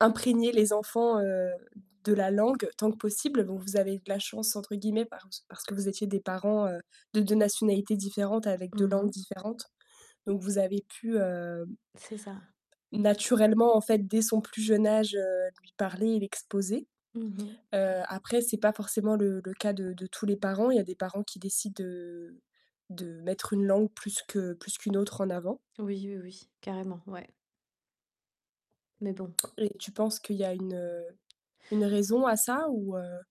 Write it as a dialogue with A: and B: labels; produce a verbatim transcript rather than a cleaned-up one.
A: Imprégner les enfants, heu, de la langue tant que possible, bon, vous avez de la «chance», entre guillemets, parc parce que vous étiez des parents, heu, de deux nationalités différentes, avec deux
B: Mmh
A: langues
B: mh.
A: différentes, donc vous avez pu, hem
B: C'est ça.
A: naturellement, en fait, dès son plus jeune âge, heu, lui parler, et l'exposer.
B: Mmh mh.
A: Heu, après, c'est pas forcément le le cas de de tous les parents. Il y a des parents qui décident, heu, de mettre une langue plus que plus qu'une autre en avant.
B: Oui, oui, oui, carrément, ouais. Mais bon.
A: Et tu penses qu'il y a une, heu, une raison à ça, ou heu